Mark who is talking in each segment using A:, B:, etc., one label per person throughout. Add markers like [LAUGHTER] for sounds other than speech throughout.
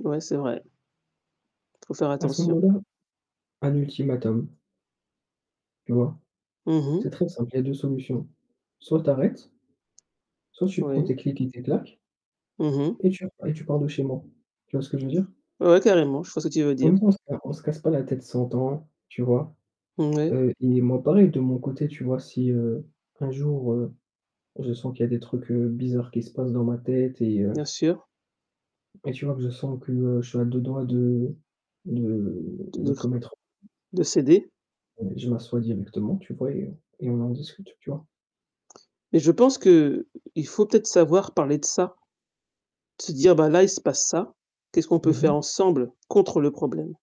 A: Ouais, c'est vrai. Faut faire
B: À ce
A: attention.
B: moment-là, un ultimatum. Tu vois?
A: Mmh
B: C'est
A: mh.
B: très simple, il y a 2 solutions. Soit tu arrêtes, soit tu prends
A: Oui.
B: tes cliques et tes claques
A: Mmh mh.
B: et tu re et tu pars de chez moi. Tu vois ce que je veux dire?
A: Ouais, carrément, je vois ce que tu veux dire.
B: Comme ça on se ca on se casse pas la tête 100 ans, tu vois?
A: Mmh oui.
B: Heu, i et moi pareil de mon côté, tu vois, si heu, un jour, heu, je sens qu'il y des trucs, heu, bizarres qui se passent dans ma tête et heu
A: Bien sûr.
B: et tu vois que je sens que je suis à deux doigts de de
A: De
B: de
A: de cr
B: commettre
A: de s'aider?
B: heu, je m'assois directement, tu vois et heu et on en discute, tu vois?
A: Mais je pense qu'il faut peut-être savoir parler de ça, se dire: «Bah, là, il se passe ça. Qu'est-ce qu'on peut
B: Mmh
A: faire
B: mh.
A: ensemble contre le problème?»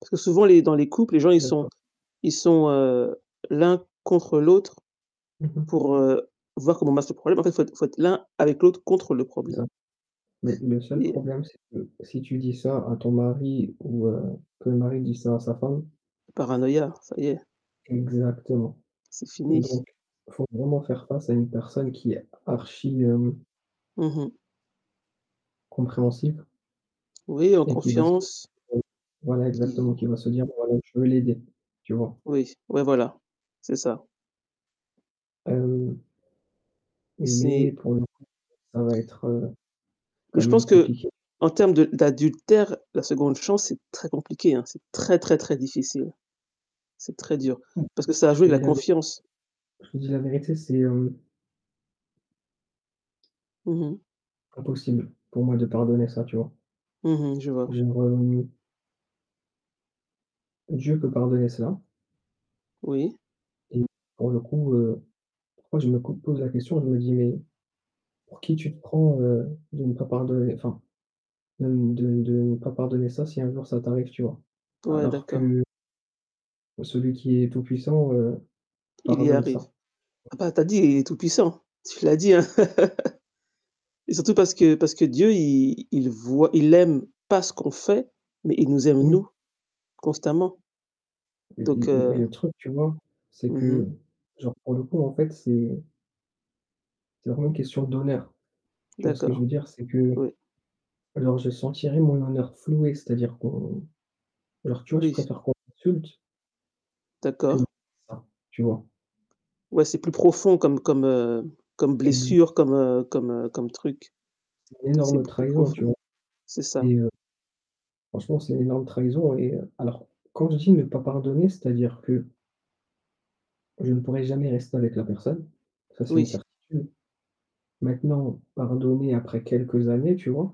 A: Parce que souvent les dans les couples, les gens, ils sont
B: D'accord.
A: ils sont, heu, l'un contre l'autre
B: Mmh mh.
A: pour, heu, voir comment battre ce problème, en fait, faut être faut être l'un avec l'autre contre le
B: C'est
A: problème.
B: ça. Mais le seul
A: Et
B: problème c'est que si tu dis ça à ton mari ou, heu, que le mari dit ça à sa femme
A: Paranoïa, ça y est
B: Exactement,
A: c'est fini.
B: donc il faut vraiment faire face à une personne qui est archi, hem
A: Mmh mh.
B: compréhensive
A: Oui, en
B: et qui va se dire,
A: confiance
B: heu, voilà, exactement,
A: qui
B: qui va se dire: «Bon, voilà, je veux l'aider», tu vois?
A: Oui, ouais, voilà, c'est ça.
B: Heu
A: Et
B: mais
A: c'est
B: pour le coup, ça va être, heu,
A: Mais
B: quand
A: je
B: même
A: pense
B: compliqué.
A: qu'en termes de d'adultère, la 2nde chance, c'est très compliqué, hein, c'est très, très, très difficile. C'est très dur,
B: M
A: parce que
B: moi,
A: ça a
B: je
A: joué
B: te
A: de la
B: dis la vérité
A: confiance.
B: je te dis la vérité, c'est hem
A: Mmh mh.
B: impossible pour moi de pardonner ça, tu vois?
A: Mmh mh. Je vois.
B: [UNINTELLIGIBLE] Dieu peut pardonner cela
A: Oui.
B: et pour le coup, heu, pourquoi je me cou pose la question, je me dis: «Mais, pour qui tu te prends, heu, de ne pas pardonner, enfin, de de de pas pardonner ça si un jour ça t'arrive», tu vois?
A: Ouais,
B: Alors
A: d'accord.
B: que celui qui est tout puissant, heu,
A: Il y
B: pardonne
A: arrive.
B: ça.
A: Ah, bah, tu as dit, il est tout-puissant, tu l'as dit, hein, [LAUGHS] et surtout parce que parce que Dieu, il il il voit il aime pas ce qu'on fait, mais il nous aime nous,
B: Oui.
A: constamment,
B: Mais
A: donc
B: des mais mais
A: heu
B: le truc, tu vois, c'est
A: Mmh mh.
B: que, genre, pour le coup, en fait, c'est c'est vraiment une question d'honneur, tu vois ce que je veux
A: D'accord,
B: dire? C'est que
A: oui.
B: alors je sentirai mon honneur floué, c'est-à-dire qu'on alors tu vois je
A: Oui.
B: préfère qu'on m'insulte que
A: D'accord.
B: ça, tu vois?
A: Ouais, c'est plus profond comme comme, heu, comme
B: Exactement.
A: blessure, comme, heu, comme, heu, comme truc.
B: C'est une
A: C'est
B: énorme
A: beaucoup plus
B: trahison,
A: profond,
B: tu vois?
A: c'est ça.
B: C'est, heu franchement, c'est une énorme trahison et heu, alors, quand je dis: «Ne pas pardonner», c'est-à-dire que je ne pourrais jamais rester avec la personne, ça c'est une
A: Oui.
B: certitude. Maintenant, pardonner après quelques années, tu vois